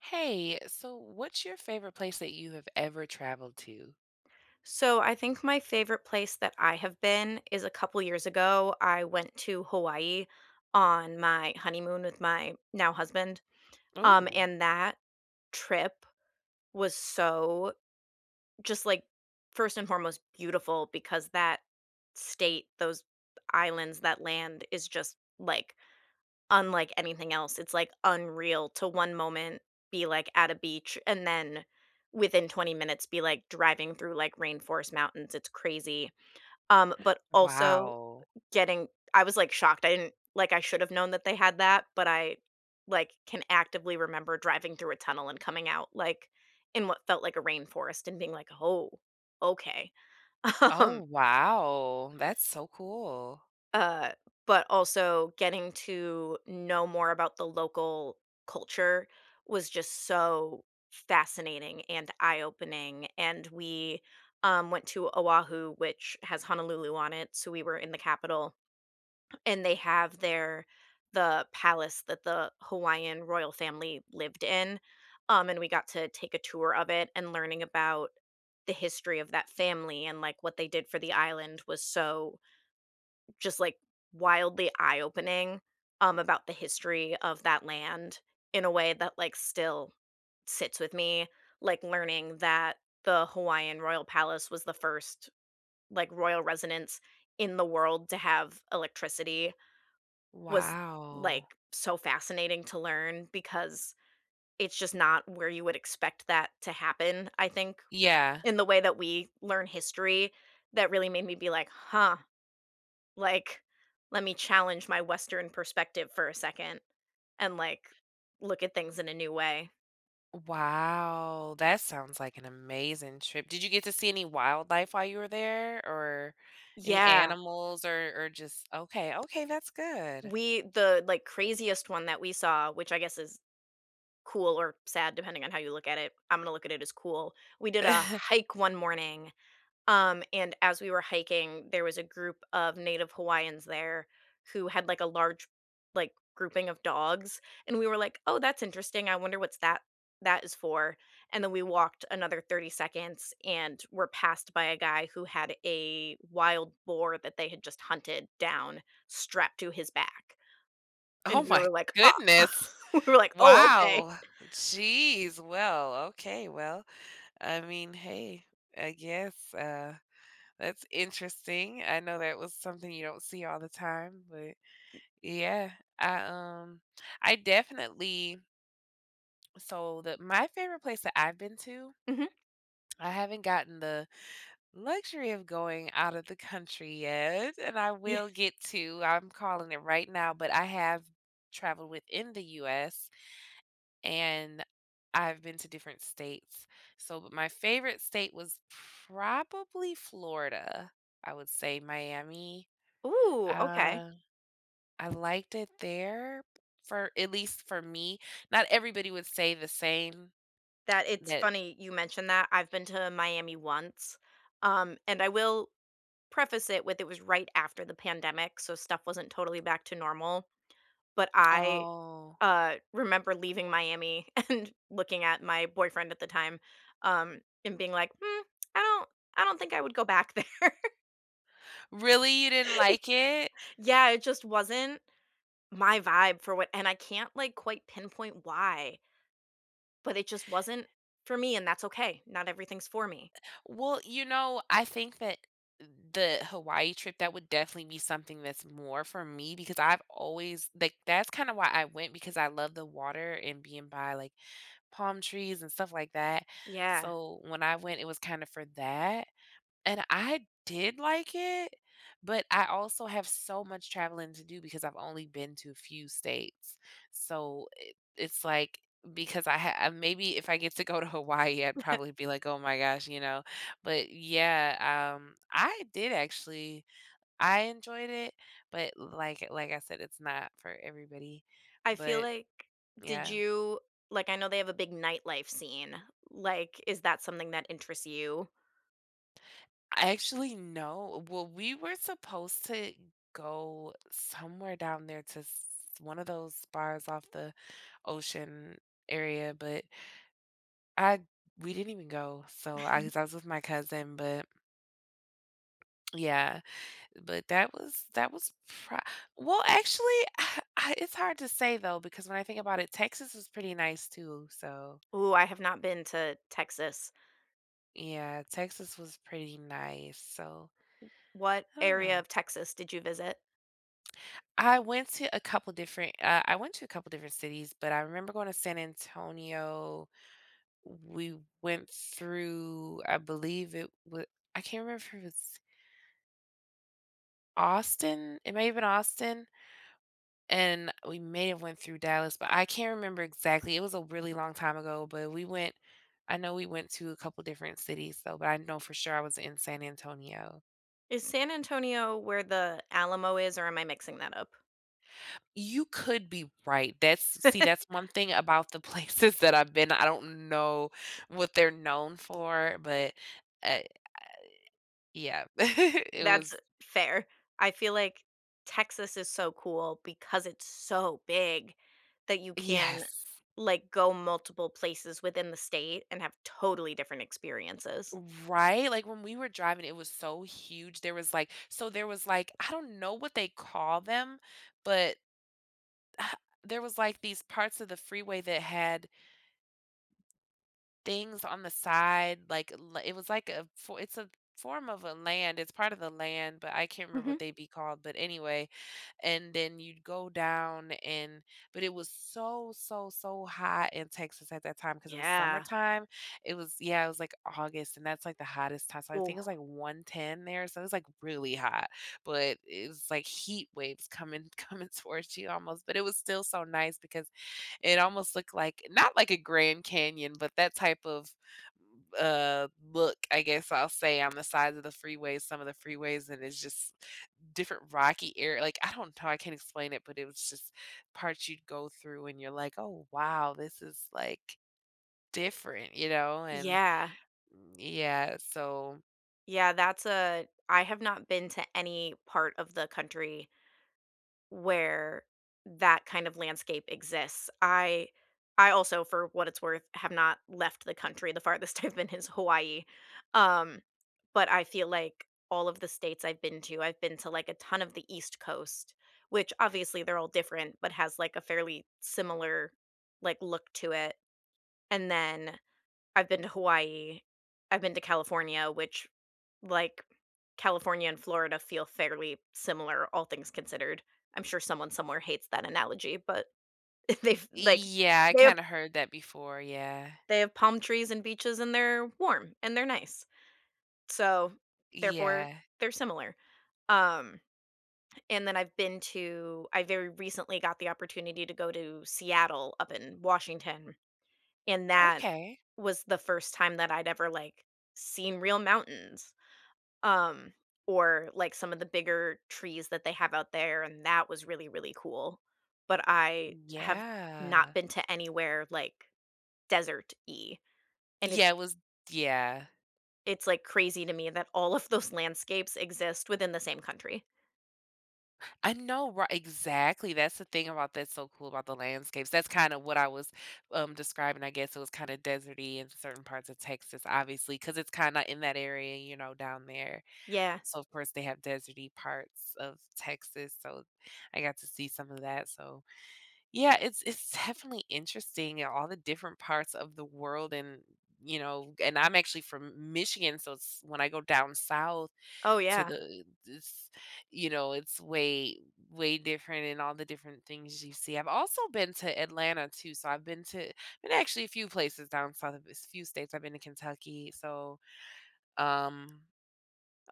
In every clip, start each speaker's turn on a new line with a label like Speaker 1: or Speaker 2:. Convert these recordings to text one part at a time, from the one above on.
Speaker 1: Hey, so what's your favorite place that you have ever traveled to?
Speaker 2: So I think my favorite place that I have been is a couple years ago, I went to Hawaii on my honeymoon with my now husband, um,
Speaker 1: Ooh.
Speaker 2: and that trip was so just like 1st and foremost beautiful because that state, those the islands, that land is just, like, unlike anything else, it's, like, unreal to one moment be, like, at a beach and then within 20 minutes be, like, driving through, like, rainforest mountains, it's crazy. Um, but also
Speaker 1: Wow.
Speaker 2: uh, getting I was, like, shocked. I didn't like, I should have known that they had that, but I, like, can actively remember driving through a tunnel and coming out, like, in what felt like a rainforest and being like, "Oh, okay." Um.
Speaker 1: Oh, wow. That's so cool.
Speaker 2: Uh, but also getting to know more about the local culture was just so fascinating and eye-opening. And we, um, went to Oahu, which has Honolulu on it, so we were in the capital and they have there the palace that the Hawaiian royal family lived in, um, and we got to take a tour of it. And learning about the history of that family and, like, what they did for the island was so just, like, wildly eye-opening, um, about the history of that land in a way that, like, still sits with me. Like, learning that the Hawaiian royal palace was the 1st, like, royal residence in the world to have electricity was,
Speaker 1: Wow.
Speaker 2: like, so fascinating to learn because it's just not where you would expect that to happen, I think,
Speaker 1: Yeah.
Speaker 2: in the way that we learn history that really made me be like, "Huh, like, let me challenge my Western perspective for a second and, like, look at things in a new way."
Speaker 1: Wow. That sounds like an amazing trip. Did you get to see any wildlife while you were there or any
Speaker 2: Yeah.
Speaker 1: animals? Or or just Okay, okay, that's good.
Speaker 2: We the, like, craziest one that we saw- which I guess is cool or sad depending on how you look at it, I'm gonna look at it as cool- we did a hike one morning, um, and as we were hiking, there was a group of native Hawaiians there who had, like, a large, like, grouping of dogs. And we were like, "Oh, that's interesting. I wonder what's that that is for?" And then we walked another 30 seconds and were passed by a guy who had a wild boar that they had just hunted down strapped to his back. And
Speaker 1: Oh
Speaker 2: we
Speaker 1: my
Speaker 2: were like, "Ah."
Speaker 1: goodness.
Speaker 2: We were like, "Oh, okay."
Speaker 1: Wow. Jeez. Well, okay. Well, I mean hey. I guess, uh, that's interesting. I know that was something you don't see all the time. But, yeah. I, um, I definitely so the my favorite place that I've been to,
Speaker 2: Mhm.
Speaker 1: I haven't gotten the luxury of going outta the country yet- and I
Speaker 2: Ye
Speaker 1: will get to, I'm calling it right now- but I have traveled within the US, and I've been to different states. So but my favorite state was probably Florida, I would say Miami.
Speaker 2: Ooh, okay.
Speaker 1: Uh, I liked it there for at least for me. Not everybody would say the same
Speaker 2: That it's
Speaker 1: that
Speaker 2: funny you mentioned that. I've been to Miami once, um, and I will preface it with it was right after the pandemic, so stuff wasn't totally back to normal. But I,
Speaker 1: Oh.
Speaker 2: uh, remember leaving Miami and looking at my boyfriend at the time, um, and being like, "Hmm, I don't I don't think I would go back there."
Speaker 1: Really, you didn't like it?
Speaker 2: Yeah. It just wasn't my vibe for what and I can't, like, quite pinpoint why. But it just wasn't for me, and that's okay. Not everything's for me.
Speaker 1: Eh Well, you know, I think that the Hawaii trip, that would definitely be something that's more for me because I've always like that's kinda why I went because I love the water and being by, like, palm trees and stuff like that.
Speaker 2: Yeah.
Speaker 1: So when I went, it was kinda for that. And I did like it, but I also have so much traveling to do because I've only been to a few states. So i it's like because I ha ah maybe if I get to go to Hawaii, I'd
Speaker 2: Yep.
Speaker 1: probably be like, "Oh, my gosh." You know? But, yeah, um, I did actually I enjoyed it, but l like like I said, it's not for everybody.
Speaker 2: I feel
Speaker 1: But
Speaker 2: like did
Speaker 1: yeah.
Speaker 2: you like, I know they have a big nightlife scene. Like, is that something that interests you?
Speaker 1: Actually, no well, we were supposed to go somewhere down there to s one of those bars off the ocean area, but I we didn't even go. So I was I was with my cousin, but Yeah. But that was that was pro well, actually, I it's hard to say, though, because when I think about it, Texas was pretty nice too, so
Speaker 2: Ooh, I have not been to Texas.
Speaker 1: Yeah, Texas was pretty nice, so
Speaker 2: W what
Speaker 1: I don't
Speaker 2: area
Speaker 1: know.
Speaker 2: of Texas did you visit?
Speaker 1: I went to a couple different, uh, I went to a couple different cities, but I remember going to San Antonio. We went through, I believe it wa I can't remember if it's Austin, it may have been Austin and we may have went through Dallas, but I can't remember exactly, it was a really long time ago, but we went I know we went to a couple different cities, though, but I know for sure I was in San Antonio.
Speaker 2: Is San Antonio where the Alamo is, or am I mixing that up?
Speaker 1: You could be right, that's see, that's one thing about the places that I've been, I don't know what they're known for, but, uh, yeah. it
Speaker 2: That's
Speaker 1: was
Speaker 2: fair. I feel like Texas is so cool, because it's so big that you can,
Speaker 1: Yes.
Speaker 2: like, go multiple places within the state and have totally different experiences.
Speaker 1: Right, like, when we were driving, it was so huge, there was, like so there was, I don't know what they call them, but, there was, like, these parts of the freeway that had things on the side, like, it was like a it's a form of a land It's part of the land, but I can't remember
Speaker 2: Mhm.
Speaker 1: what they'd be called, but, anyway and then you'd go down and but it was so, so, so hot in Texas at that time 'cause it was
Speaker 2: Yeah.
Speaker 1: summertime. It was, yeah, it was, like, August, and that's, like, the hottest time, so I think
Speaker 2: Ooh.
Speaker 1: it was, like, 110 there, so it was, like, really hot, but it's, like, heat waves coming coming towards you almost, but it was still so nice because it almost looked like not like a Grand Canyon, but that type of, uh, look, I guess, I'll say, on the side of the freeway some of the freeways, and it's just different rocky ar like, I don't know how I can explain it, but it was just parts you'd go through, and you're like, "Oh, wow, this is, like, different." You know? And
Speaker 2: Yeah.
Speaker 1: yeah. So
Speaker 2: Yeah, that's a I have not been to any part of the country where that kind of landscape exists, I I also, for what it's worth, have not left the country, the farthest I've been is Hawaii, um, but I feel like all of the states I've been to, I've been to, like, a ton of the East Coast, which obviously, they're all different, but has, like, a fairly similar, like, look to it, and then I've been to Hawaii, I've been to California, which, like, California and Florida feel fairly similar, all things considered. I'm sure someone somewhere hates that analogy, but, they've,
Speaker 1: Y
Speaker 2: like,
Speaker 1: yeah, I
Speaker 2: they have
Speaker 1: kinda heard that before, yeah.
Speaker 2: they have have palm trees and beaches, they're warm, and they're nice. So, therefore,
Speaker 1: Yeah.
Speaker 2: they're similar, um, and then I've been to I very recently got the opportunity to go to Seattle up in Washington, and that
Speaker 1: Okay.
Speaker 2: was the first time that I'd ever, like, seen real mountains, um, or, like, some of the bigger trees that they have out there, and that was really, really cool. But I have not
Speaker 1: Yeah.
Speaker 2: been to anywhere, like, deserty, and
Speaker 1: Yeah,
Speaker 2: it's
Speaker 1: it was Yeah.
Speaker 2: it's, like, crazy to me that all of those landscapes exist within the same country.
Speaker 1: I know ri Exactly, that's the thing about that's so cool about the landscapes, that's kinda what I was, um, describing, I guess it was kinda desert-y in certain parts of Texas, obviously, 'cause it's kinda in that area, you know, down there.
Speaker 2: Yeah.
Speaker 1: So, of course, they have desert-y parts of Texas, so I got to see some of that, so yeah, it's it's definitely interesting in all the different parts of the world and, you know and, I'm actually from M Michigan, so it's when I go down south
Speaker 2: Oh,
Speaker 1: to
Speaker 2: yeah.
Speaker 1: the this you know, it's way way different in all the different things you see I've also been to Atlanta too, so I've been to and, actually a few places down south a v s few states, I've been to Kentucky so, um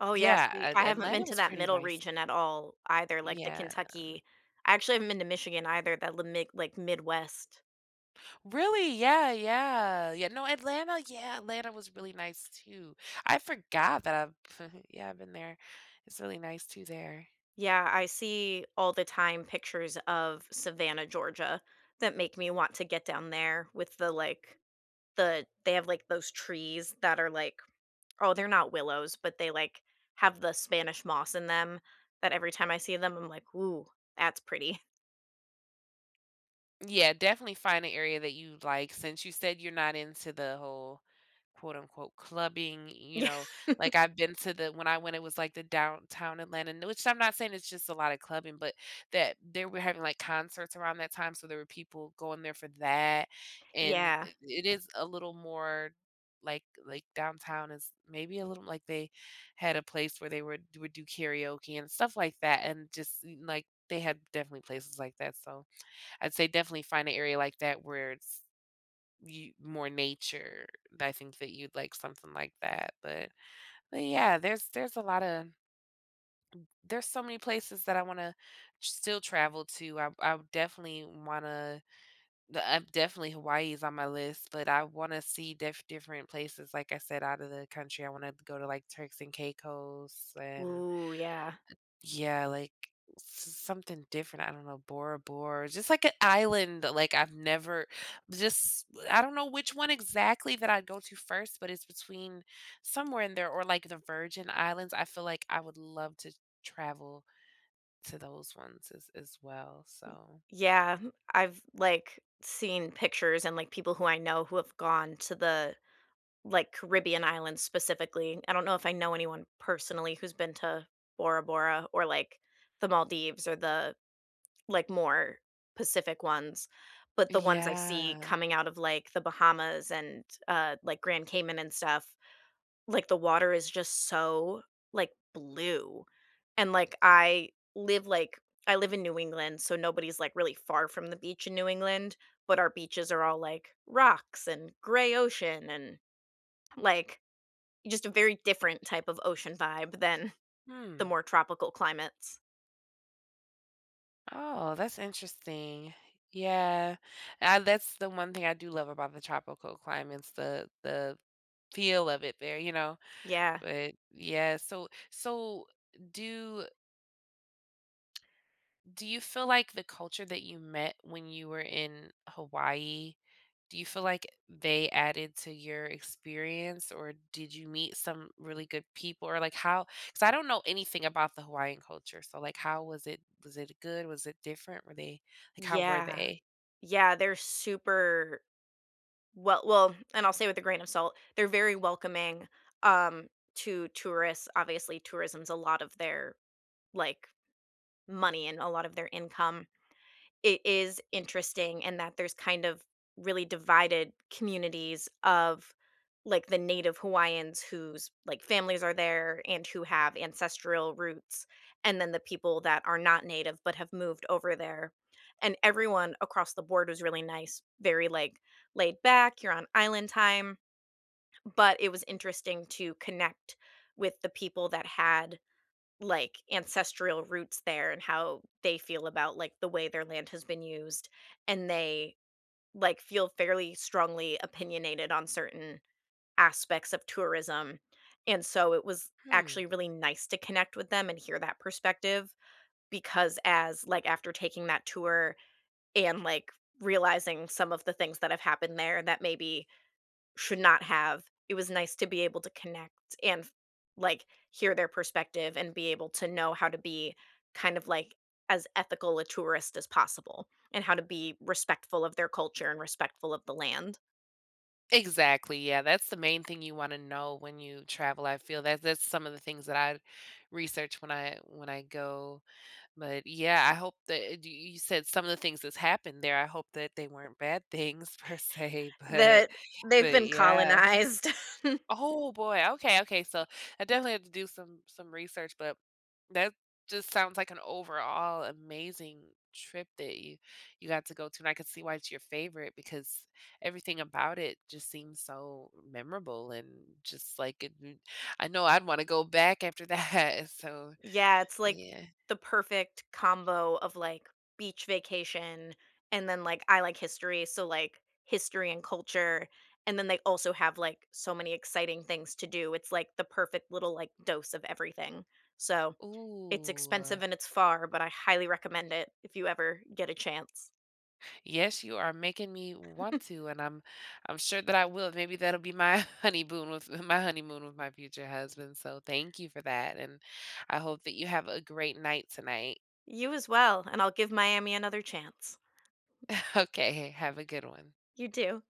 Speaker 2: Oh, yes
Speaker 1: yeah,
Speaker 2: we
Speaker 1: At
Speaker 2: I haven't been
Speaker 1: Atlanta
Speaker 2: to
Speaker 1: was
Speaker 2: that
Speaker 1: pretty
Speaker 2: middle
Speaker 1: nice.
Speaker 2: region at all either, like the
Speaker 1: Yeah.
Speaker 2: Kentucky actually, I haven't been to Michigan either, that la mig like, Midwest.
Speaker 1: Really? Yeah, yeah, yeah no, Atlanta yeah, Atlanta was really nice too. I forgot that I've f heh, yeah I've been there. It's really nice too there.
Speaker 2: Yeah, I see all the time pictures of Savannah, Georgia that make me want to get down there with the, like the they have, like, those trees that are, like oh, they're not willows, but they, like, have the Spanish moss in them. But, every time I see them, I'm like, "Ooh, that's pretty."
Speaker 1: Yeah, definitely find a area that you'd like since you said you're not into the whole, quote, unquote, "clubbing," you know? Like, I've been to the when I went, it was, like, the Downtown Atlanta, nu which I'm not saying it's just a lot of clubbing, but that they were having, like, concerts around that time, so there were people going there for that, and
Speaker 2: Yeah.
Speaker 1: it it is a little more like like downtown is maybe a little like they had a place where they would would do karaoke and stuff like that, and just, n like, they had definitely places like that, so I'd say definitely find a area like that where it's y more nature that I think that you'd like something like that, but but, yeah, there's there's a lotta there's so many places that I wanna still travel to. I I definitely wanna the, uh definitely Hawaii is on my list, but I wanna see diff different places, like I said, outta the country. I wanna go to, like, Turks and Caicos and,
Speaker 2: Ooh, yeah.
Speaker 1: eh yeah, like, s something different. I don't know, Bora Bora. Just like a island that, like, I've never just I don't know which one exactly that I'd go to first, but it's between somewhere in there or, like, the Virgin Islands. I feel like I would love to travel to those ones as as well,
Speaker 2: M
Speaker 1: so
Speaker 2: Yeah. Hmm I've, like, seen pictures and, like, people who I know who have gone to the, like, Caribbean islands specifically. I don't know if I know anyone personally who's been to Bora Bora or, like, the Maldives or the, like, more Pacific ones, but the ones I see
Speaker 1: Yeah.
Speaker 2: coming out of, like, The Bahamas and, uh, like, Grand Cayman and stuff, like, the water is just so, like, blue and, like, I live, like I live in New England, so nobody's, like, really far from the beach in New England, but our beaches are all, like, rocks and gray ocean and, like, just a very different type of ocean vibe than the
Speaker 1: Hmm.
Speaker 2: more tropical climates.
Speaker 1: Oh, that's interesting. Yeah, ah, that's the one thing I do love about the tropical climates, the the feel of it there you know?
Speaker 2: Yeah.
Speaker 1: But yeah, so, so, do do you feel like the culture that you met when you were in Hawaii, do you feel like they added to your experience, or did you meet some really good people? Or, like, how 'cause I don't know anything about the Hawaiian culture, so, like, how was it was it good? Was it different? Were they like, were
Speaker 2: Yeah.
Speaker 1: they?
Speaker 2: Yeah, they're super well well and I'll say with a grain of salt, they're very welcoming, um, to tourists, obviously, tourism's a lot of their, like, money and a lot of their income. It is interesting in that there's kind of really divided communities of, like, the native Hawaiians whose, like, families are there and who have ancestral roots, and then the people that are not native but have moved over there, and everyone across the board was really nice, very, like, laid-back, you're on island time, but it was interesting to connect with the people that had, like, ancestral roots there and how they feel about, like, the way their land has been used, and they, like, feel fairly strongly opinionated on certain aspects of tourism, and so it was actually
Speaker 1: Hmm.
Speaker 2: really nice to connect with them and hear that perspective because as like, after taking that tour and, like, realizing some of the things that have happened there that maybe should not have, it was nice to be able to connect and f like, hear their perspective and be able to know how to be kind of, like, as ethical a tourist as possible, and how to be respectful of their culture and respectful of the land.
Speaker 1: Exactly, yeah, that's the main thing you wanna know when you travel, I feel that that's some of the things that I'd research when I when I go, but, yeah, I hope that d y you said some of the things that's happened there, I hope that they weren't bad things per se, but
Speaker 2: That they've
Speaker 1: but,
Speaker 2: been
Speaker 1: yeah.
Speaker 2: colonized.
Speaker 1: Oh, boy, okay, okay, so I definitely have to do some some research, but that just sounds like an overall amazing trip that you you got to go to and I could see why it's your favorite because everything about it just seems so memorable and just like it it I know I'd wanna go back after that, and so,
Speaker 2: Yeah, it's, like,
Speaker 1: yeah.
Speaker 2: the perfect combo of, like, beach vacation and then, like, I like history, so, like, history and culture, and then they also have, like, so many exciting things to do; it's, like, the perfect little, like, dose of everything. So, it's
Speaker 1: Ooh.
Speaker 2: expensive and it's far, but I highly recommend it if you ever get a chance.
Speaker 1: Yes, you are making me want to, and I'm I'm sure that I will, maybe that'll be my, honeymoon with my honeymoon with my future husband, so thank you for that, and I hope that you have a great night tonight.
Speaker 2: You as well, and I'll give Miami another chance.
Speaker 1: Okay, h have a good one.
Speaker 2: You, too.